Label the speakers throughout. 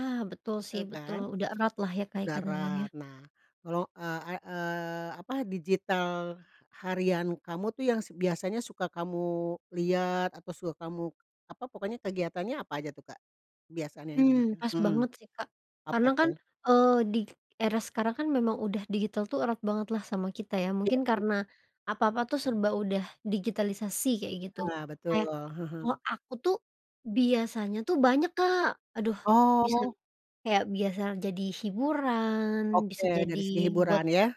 Speaker 1: Ah, betul sih,
Speaker 2: Seru
Speaker 1: betul,
Speaker 2: kan
Speaker 1: udah erat lah ya Kak
Speaker 2: udah
Speaker 1: ikatannya dia.
Speaker 2: erat. Nah, kalau, eee, ay eee, apa digital h harian kamu tuh yang se biasanya suka kamu lihat atau suka kamu apa pokoknya kegiatannya apa aja tuh Kak biasanya yang
Speaker 1: Mmm,
Speaker 2: didetil?
Speaker 1: pas
Speaker 2: Hmm.
Speaker 1: banget sih Kak karena
Speaker 2: Apa
Speaker 1: kan,
Speaker 2: tuh?
Speaker 1: eee, di k era sekarang kan memang udah digital tuh erat banget lah sama kita ya
Speaker 2: Iya
Speaker 1: mungkin
Speaker 2: iya.
Speaker 1: karena apa-apa tuh serba udah digitalisasi kayak gitu.
Speaker 2: Iya, betul,
Speaker 1: Kayak
Speaker 2: heeh.
Speaker 1: kalau aku tuh biasanya tuh banyak Kak. Aduh, bisa
Speaker 2: Oh.
Speaker 1: kayak biasa jadi hiburan,
Speaker 2: Oke,
Speaker 1: bisa jadi
Speaker 2: dari segi
Speaker 1: buat
Speaker 2: hiburan ya,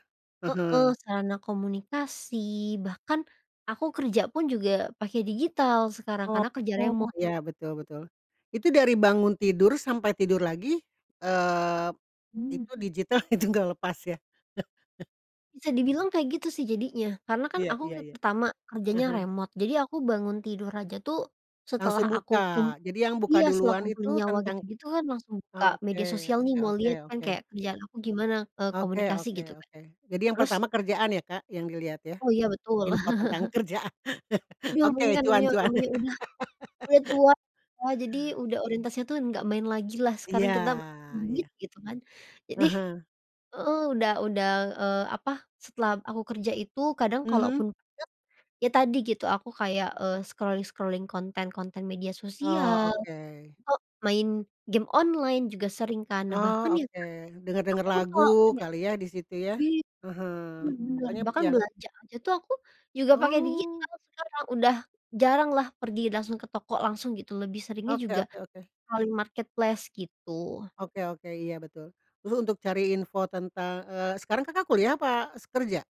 Speaker 1: heeh,
Speaker 2: heeh.
Speaker 1: sarana komunikasi, bahkan aku kerja pun juga pakai digital sekarang
Speaker 2: Oh,
Speaker 1: karena kerja remote.
Speaker 2: ya, betul betul, itu dari bangun tidur sampai tidur lagi, eee,
Speaker 1: Mmm.
Speaker 2: itu digital itu nggak lepas ya.
Speaker 1: Bisa dibilang kayak gitu sih jadinya, karena kan
Speaker 2: Iya
Speaker 1: aku
Speaker 2: iya iya.
Speaker 1: pertama
Speaker 2: Ah
Speaker 1: kerjanya
Speaker 2: hah.
Speaker 1: remote jadi aku bangun tidur aja tuh setelah
Speaker 2: Langsung
Speaker 1: aku kum
Speaker 2: buka. Jadi yang buka
Speaker 1: iya, setelah
Speaker 2: duluan
Speaker 1: kumpulin
Speaker 2: itu
Speaker 1: nyawa
Speaker 2: tentang
Speaker 1: gitu-gitu kan langsung buka
Speaker 2: ah, oke
Speaker 1: media sosial nih
Speaker 2: oke
Speaker 1: mau
Speaker 2: oke
Speaker 1: lihat kan
Speaker 2: oke.
Speaker 1: kayak kerjaan aku gimana, eee,
Speaker 2: Oke
Speaker 1: komunikasi
Speaker 2: oke
Speaker 1: gitu, Kak.
Speaker 2: oke. Jadi yang
Speaker 1: Terus
Speaker 2: pertama kerjaan ya, Kak, yang dilihat ya?
Speaker 1: oh, iya, betul.
Speaker 2: Info tentang kerjaan.
Speaker 1: Belum
Speaker 2: Oke,
Speaker 1: mung kan
Speaker 2: cuan
Speaker 1: ngemil
Speaker 2: cuan.
Speaker 1: namanya udah udah tua ya jadi udah orientasinya tuh nggak main lagilah sekarang
Speaker 2: Iya
Speaker 1: kita
Speaker 2: iya.
Speaker 1: duit gitu kan.
Speaker 2: Ah
Speaker 1: Jadi
Speaker 2: hah.
Speaker 1: heeh, udah udah, eee, apa, setelah aku kerja itu kadang
Speaker 2: Mhm.
Speaker 1: kalaupun deket, ya tadi gitu aku kayak, eee, scrolling-scrolling, konten-konten media
Speaker 2: Oh,
Speaker 1: sosial,
Speaker 2: oke.
Speaker 1: atau main game online juga sering kan. Nah,
Speaker 2: Oh,
Speaker 1: bahkan ya
Speaker 2: oke,
Speaker 1: Kak
Speaker 2: denger-denger
Speaker 1: aku pun
Speaker 2: lagu
Speaker 1: kalo kayak
Speaker 2: kali ya di situ ya,
Speaker 1: i
Speaker 2: ah hah,
Speaker 1: bener bener,
Speaker 2: pokoknya b
Speaker 1: bahkan
Speaker 2: yang
Speaker 1: belanja aja tuh aku juga pakai
Speaker 2: oh.
Speaker 1: digital sekarang, udah jaranglah pergi langsung ke toko langsung gitu, lebih seringnya
Speaker 2: Oke
Speaker 1: juga
Speaker 2: oke oke.
Speaker 1: paling marketplace gitu.
Speaker 2: Oke oke, iya, betul. Dulu untuk cari info tentang eee, sekarang Kakak kuliah apa s kerja?